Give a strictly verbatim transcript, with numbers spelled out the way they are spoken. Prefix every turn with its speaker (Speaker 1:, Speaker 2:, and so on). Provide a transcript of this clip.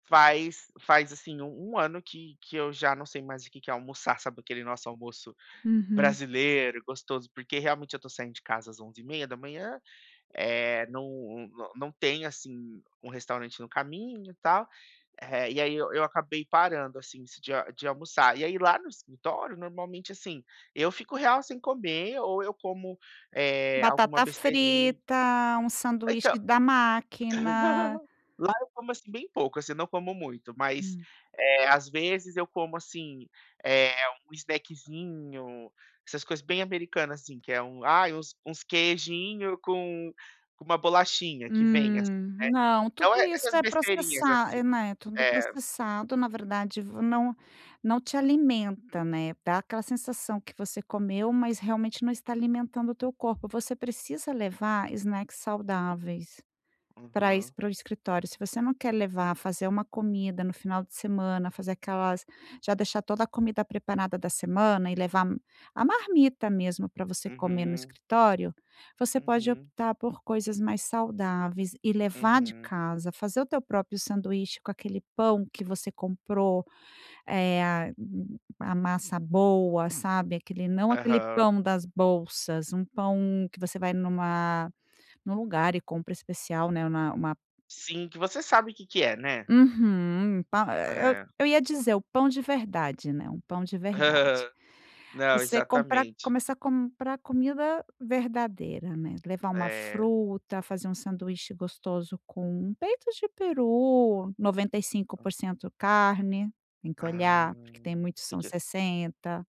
Speaker 1: Faz faz assim um ano que que eu já não sei mais o que que é almoçar. Sabe aquele nosso almoço
Speaker 2: Uhum.
Speaker 1: brasileiro gostoso? Porque realmente eu estou saindo de casa às onze e trinta da manhã, eh, não não tem assim um restaurante no caminho, tal. Eh, e aí eu acabei parando assim de de almoçar. E aí lá no escritório, normalmente assim, eu fico real sem comer ou eu como, eh, alguma
Speaker 2: Batata
Speaker 1: besteirinha.
Speaker 2: frita, um
Speaker 1: Então
Speaker 2: sanduíche da máquina.
Speaker 1: lá eu como assim bem pouco, assim, não como muito, mas,
Speaker 2: Hum.
Speaker 1: eh, às vezes eu como assim, eh, um snackzinho, essas coisas bem americanas, assim, que é um ai, uns uns queijinho com com uma bolachinha que vem assim,
Speaker 2: Hum,
Speaker 1: né,
Speaker 2: não,
Speaker 1: então
Speaker 2: tudo isso
Speaker 1: essas
Speaker 2: é
Speaker 1: besteirinhas assim.
Speaker 2: processado, né, é tudo
Speaker 1: É.
Speaker 2: processado na verdade, v não não te alimenta, né, dá aquela sensação que você comeu, mas realmente não está alimentando o teu corpo, você precisa levar snacks saudáveis para isso
Speaker 1: Aham.
Speaker 2: para o escritório. Se você não quer levar, fazer uma comida no final de semana, fazer aquelas, já deixar toda a comida preparada da semana e levar a marmita mesmo para você comer no
Speaker 1: Uhum.
Speaker 2: escritório, você pode
Speaker 1: Uhum.
Speaker 2: optar por coisas mais saudáveis e levar de
Speaker 1: Uhum.
Speaker 2: casa, fazer o teu próprio sanduíche com aquele pão que você comprou, é a hum, a massa boa, sabe, aquele não aquele
Speaker 1: Aham.
Speaker 2: pão das bolsas, um pão que você vai numa num lugar e compra especial, né, na uma
Speaker 1: Sim, que você sabe o que que é, né.
Speaker 2: Uhum, pa
Speaker 1: É.
Speaker 2: eu ia dizer o pão de verdade, né, um pão de verdade.
Speaker 1: Não,
Speaker 2: Você comprar,
Speaker 1: exatamente.
Speaker 2: começar a comprar comida verdadeira, né, levar uma
Speaker 1: É.
Speaker 2: fruta, fazer um sanduíche gostoso com peito de peru, noventa e cinco por cento carne, tem que
Speaker 1: Ah,
Speaker 2: olhar porque tem muitos que
Speaker 1: que
Speaker 2: são
Speaker 1: que
Speaker 2: sessenta.